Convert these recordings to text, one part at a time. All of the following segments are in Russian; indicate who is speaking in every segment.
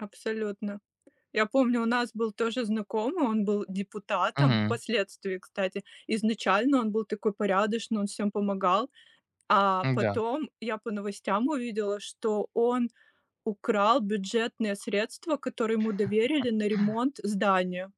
Speaker 1: Абсолютно. Я помню, у нас был тоже знакомый, он был депутатом
Speaker 2: Мгм.
Speaker 1: впоследствии, кстати. Изначально он был такой порядочный, он всем помогал, а
Speaker 2: Н-да.
Speaker 1: потом я по новостям увидела, что он украл бюджетные средства, которые ему доверили на ремонт здания.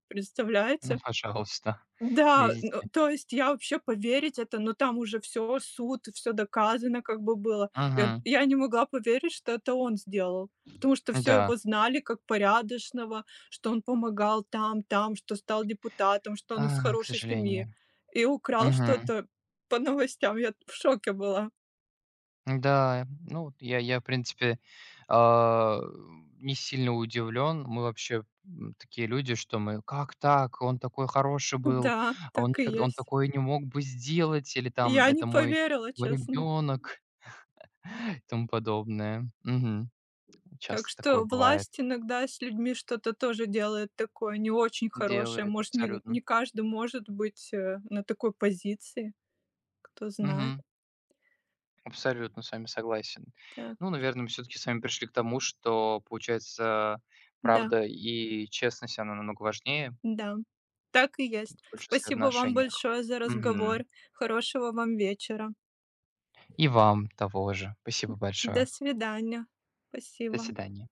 Speaker 2: Ну,
Speaker 1: Представляете?
Speaker 2: пожалуйста,
Speaker 1: Да, н
Speaker 2: видите.
Speaker 1: то есть я вообще поверить это Но там уже всё, суд, всё доказано как бы было. Я
Speaker 2: Мгм.
Speaker 1: я не могла поверить, что это он сделал, потому что всё
Speaker 2: Да.
Speaker 1: его знали как порядочного, что он помогал там, там, что стал депутатом, что он из
Speaker 2: А, к
Speaker 1: хорошей семьи
Speaker 2: сожалению.
Speaker 1: и украл
Speaker 2: Мгм.
Speaker 1: что-то по новостям. Я в шоке была.
Speaker 2: Н-да, ну вот, я я, в принципе, а, не сильно удивлен. Мы вообще, м, такие люди, что мы: "Как так, он такой хороший был,
Speaker 1: Да,
Speaker 2: он
Speaker 1: так и
Speaker 2: никогд он
Speaker 1: есть.
Speaker 2: такое не мог бы сделать", или там:
Speaker 1: Я не
Speaker 2: "Это мой
Speaker 1: поверила,
Speaker 2: мой
Speaker 1: честно.
Speaker 2: ребенок", и тому подобное. Мгм.
Speaker 1: Так
Speaker 2: Часто такое
Speaker 1: что
Speaker 2: бывает.
Speaker 1: власть иногда с людьми что-то тоже делает такое не очень хорошее.
Speaker 2: Делает
Speaker 1: Может, не
Speaker 2: абсолютно.
Speaker 1: не каждый может быть, э, на такой позиции, кто знает.
Speaker 2: Мгм. Абсолютно с вами согласен.
Speaker 1: Так.
Speaker 2: Ну, наверно, мы всё-таки с вами пришли к тому, что, получается,
Speaker 1: Да.
Speaker 2: правда и честность, она намного важнее.
Speaker 1: Да. Так и
Speaker 2: В
Speaker 1: есть.
Speaker 2: большинстве
Speaker 1: Спасибо вам
Speaker 2: отношениях.
Speaker 1: большое за
Speaker 2: Мгм.
Speaker 1: разговор. Хорошего вам вечера.
Speaker 2: И вам того же.
Speaker 1: М,
Speaker 2: Спасибо
Speaker 1: до
Speaker 2: большое.
Speaker 1: свидания.
Speaker 2: До
Speaker 1: Спасибо.
Speaker 2: свидания.